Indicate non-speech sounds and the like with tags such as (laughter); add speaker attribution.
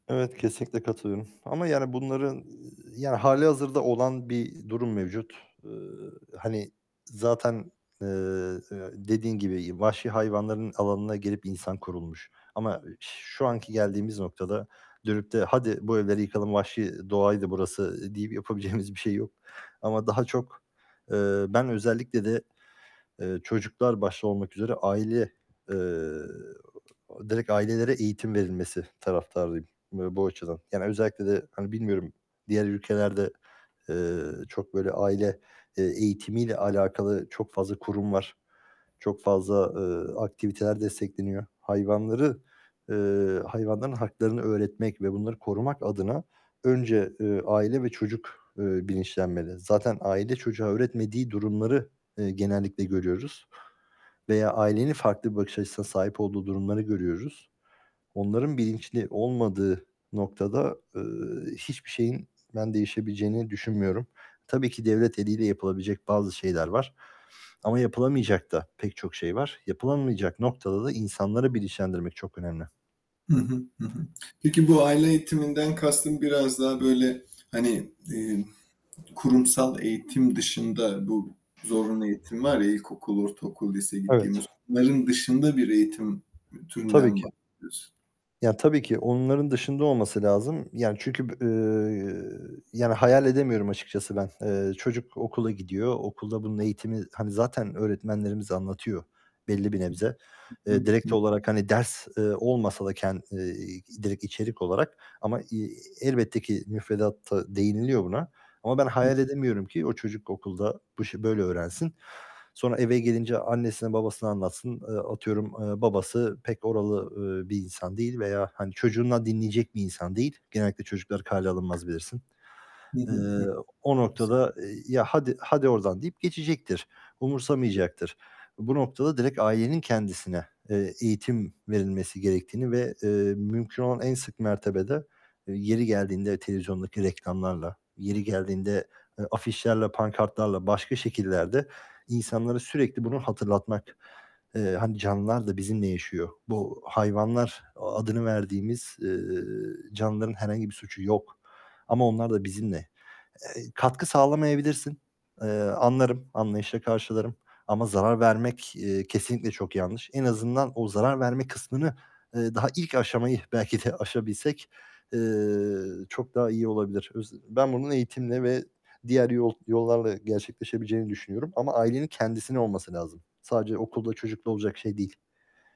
Speaker 1: Evet, kesinlikle katılıyorum ama yani bunların yani hâlihazırda olan bir durum mevcut. Eee, hani zaten, eee, dediğin gibi vahşi hayvanların alanına girip insan kurulmuş ama şu anki geldiğimiz noktada dönüp de "Hadi, bu evleri yıkalım, vahşi doğaydı burası." deyip yapabileceğimiz bir şey yok ama daha, eee, çok ben özellikle de, eee, çocuklar başta olmak üzere aile, eee, direkt ailelere eğitim verilmesi taraftarıyım bu açıdan. Yani özellikle de hani bilmiyorum diğer ülkelerde, eee, çok böyle aile, eee, eğitimiyle alakalı çok fazla kurum var, çok fazla, eee, aktiviteler destekleniyor. Hayvanları, eee, hayvanların haklarını öğretmek ve bunları korumak adına önce, eee, aile ve çocuk, eee, bilinçlenmeli. Zaten aile çocuğa öğretmediği durumları, eee, genellikle görüyoruz veya ailenin farklı bir bakış açısına sahip olduğu durumları görüyoruz. Onların bilinçli olmadığı noktada, eee, hiçbir şeyin ben değişebileceğini düşünmüyorum. Tabii ki devlet eliyle yapılabilecek bazı şeyler var ama yapılamayacak da pek çok şey var. Yapılamayacak noktada da insanları bilinçlendirmek çok önemli.
Speaker 2: Hı hı, hı hı. Peki bu aile eğitiminden kastın biraz daha böyle hani, eee, kurumsal eğitim dışında bu zorunlu eğitim var ya ilkokul, ortaokul, lise
Speaker 1: Evet.
Speaker 2: gittiğimiz, onların dışında bir eğitim türünden
Speaker 1: Tabii
Speaker 2: mi
Speaker 1: ki.
Speaker 2: bahsediyorsun?
Speaker 1: Yani tabii ki onların dışında olması lazım. Yani çünkü b eee, yani hayal edemiyorum açıkçası ben. Eee, çocuk okula gidiyor, okulda bunun eğitimi hani zaten öğretmenlerimiz anlatıyor belli bir nebze.
Speaker 2: Hı
Speaker 1: Eee,
Speaker 2: hı,
Speaker 1: direkt
Speaker 2: hı.
Speaker 1: olarak hani ders, eee, olmasa da ken eee, direkt içerik olarak ama, eee, elbette ki müfredatta değiniliyor buna ama ben
Speaker 2: Hı.
Speaker 1: hayal edemiyorum ki o çocuk okulda bu işi böyle öğrensin. Sonra eve gelince annesine babasına anlatsın. Eee, atıyorum, eee, babası pek oralı, eee, bir insan değil veya hani çocuğundan dinleyecek bir insan değil. Genellikle çocukları kâale alınmaz bilirsin.
Speaker 2: Hı
Speaker 1: Eee,
Speaker 2: hı, hı.
Speaker 1: o
Speaker 2: (unintelligible)
Speaker 1: noktada "Ya hadi, hadi oradan." deyip geçecektir, umursamayacaktır. Bu noktada direkt ailenin kendisine, eee, eğitim verilmesi gerektiğini ve, eee, mümkün olan en sık mertebede yeri geldiğinde televizyondaki reklamlarla, yeri geldiğinde, eee, afişlerle, pankartlarla başka şekillerde insanlara sürekli bunu hatırlatmak. Eee, hani canlılar da bizimle yaşıyor. Bu hayvanlar adını verdiğimiz, eee, canlıların herhangi bir suçu yok ama onlar da bizimle. Eee, katkı sağlamayabilirsin. Eee, anlarım, anlayışla karşılarım ama zarar vermek, eee, kesinlikle çok yanlış. En azından o zarar verme kısmını, eee, daha ilk aşamayı belki de aşabilsek, eee, çok daha iyi olabilir. Öz ben bunun eğitimle ve diğer yol yollarla gerçekleşebileceğini düşünüyorum ama ailenin kendisine olması lazım. Sadece okulda, çocukla olacak şey değil.